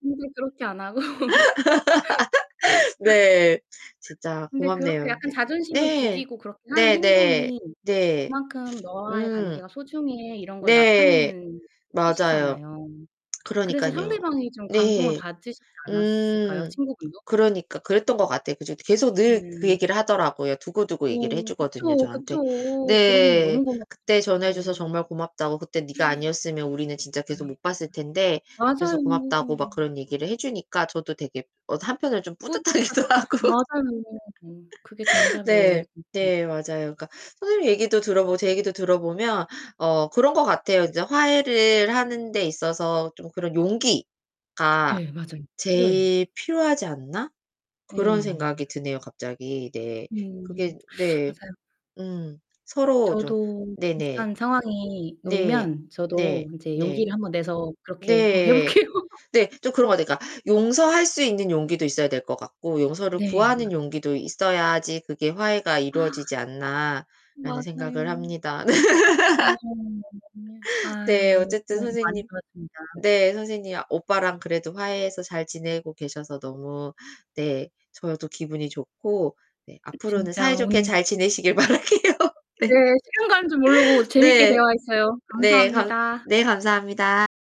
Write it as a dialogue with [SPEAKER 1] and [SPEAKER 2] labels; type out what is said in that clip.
[SPEAKER 1] 근데 그렇게 안 하고 네.
[SPEAKER 2] 네 진짜
[SPEAKER 1] 근데 그렇게
[SPEAKER 2] 고맙네요.
[SPEAKER 1] 약간
[SPEAKER 2] 네.
[SPEAKER 1] 자존심을
[SPEAKER 2] 네.
[SPEAKER 1] 죽이고 그렇게 하는
[SPEAKER 2] 네네.
[SPEAKER 1] 행동이
[SPEAKER 2] 네.
[SPEAKER 1] '그만큼 너와의
[SPEAKER 2] 음.
[SPEAKER 1] 관계가 소중해.' 이런 걸
[SPEAKER 2] 네.
[SPEAKER 1] 나타내는
[SPEAKER 2] 맞아요.
[SPEAKER 1] 뜻이잖아요. 그래서
[SPEAKER 2] 그러니깐요.
[SPEAKER 1] 상대방이 좀 감동을
[SPEAKER 2] 네.
[SPEAKER 1] 받으셨지 않았을까요
[SPEAKER 2] 음.
[SPEAKER 1] 친구분도?
[SPEAKER 2] 그러니까 그랬던 것 같아요. 그죠 이 계속 늘 그
[SPEAKER 1] 네.
[SPEAKER 2] 얘기를 하더라고요. 두고두고 얘기를 해
[SPEAKER 1] 어
[SPEAKER 2] 주거든요
[SPEAKER 1] 그쵸,
[SPEAKER 2] 저한테.
[SPEAKER 1] 그쵸. 그럼요.
[SPEAKER 2] 네.
[SPEAKER 1] 너무
[SPEAKER 2] 그때 전화해 줘서
[SPEAKER 1] 고맙죠.
[SPEAKER 2] 정말 고맙다고. 그때 네가
[SPEAKER 1] 음
[SPEAKER 2] 아니었으면 우리는 진짜 계속
[SPEAKER 1] 네.
[SPEAKER 2] 못 봤을 텐데
[SPEAKER 1] 맞아요.
[SPEAKER 2] 그래서 고맙다고 막 그런 얘기를 해 주니까 저도 되게 어 한편으로는 좀 뿌듯하기도
[SPEAKER 1] 뿌듯하셨겠어요.
[SPEAKER 2] 하고
[SPEAKER 1] 맞아요. 응 그게 정답이에요
[SPEAKER 2] 네.
[SPEAKER 1] 진짜.
[SPEAKER 2] 네 맞아요. 그러니까 선생님 얘기도 들어보고 제 얘기도 들어보면 어 그런 것 같아요. 이제 '화해를 하는 데 있어서 좀 그런 용기가
[SPEAKER 1] 네 맞아요. 필요해요.
[SPEAKER 2] 제일 필요하지 않나?' 그런
[SPEAKER 1] 네.
[SPEAKER 2] 생각이 드네요. 갑자기 네.
[SPEAKER 1] 음.
[SPEAKER 2] 그게 네.
[SPEAKER 1] 맞아요.
[SPEAKER 2] 음. 서로 좀
[SPEAKER 1] 저도
[SPEAKER 2] 네네.
[SPEAKER 1] 비슷한 상황이
[SPEAKER 2] 네.
[SPEAKER 1] 놓이면
[SPEAKER 2] 네.
[SPEAKER 1] 저도 이제
[SPEAKER 2] 네.
[SPEAKER 1] 용기를 한번 내서 그렇게 한번 해
[SPEAKER 2] 네.
[SPEAKER 1] 볼게요.
[SPEAKER 2] 네 좀 그런 것 같아요. 그러니까 '용서할 수 있는 용기도 있어야 될 것 같고 용서를
[SPEAKER 1] 네.
[SPEAKER 2] 구하는 용기도 있어야지 그게 화해가 이루어지지 않나.'라는 생각을
[SPEAKER 1] 맞아요.
[SPEAKER 2] 합니다.
[SPEAKER 1] 네. [unintelligible] 아유
[SPEAKER 2] 네
[SPEAKER 1] 오늘
[SPEAKER 2] 어쨌든
[SPEAKER 1] 조언 많이
[SPEAKER 2] 선생님
[SPEAKER 1] 들었습니다.
[SPEAKER 2] 네 선생님 아 오빠랑 그래도 화해해서 잘 지내고 계셔서 너무 네 저도 기분이 좋고. 네 앞으로는
[SPEAKER 1] 진짜
[SPEAKER 2] 사이좋게
[SPEAKER 1] 오늘
[SPEAKER 2] 잘 지내시길 바랄게요.
[SPEAKER 1] 네
[SPEAKER 2] 네.
[SPEAKER 1] 시간 가는 줄 모르고 재밌게
[SPEAKER 2] 네.
[SPEAKER 1] 대화했어요.
[SPEAKER 2] 네. 감
[SPEAKER 1] 감사합니다.
[SPEAKER 2] 네 감사합니다.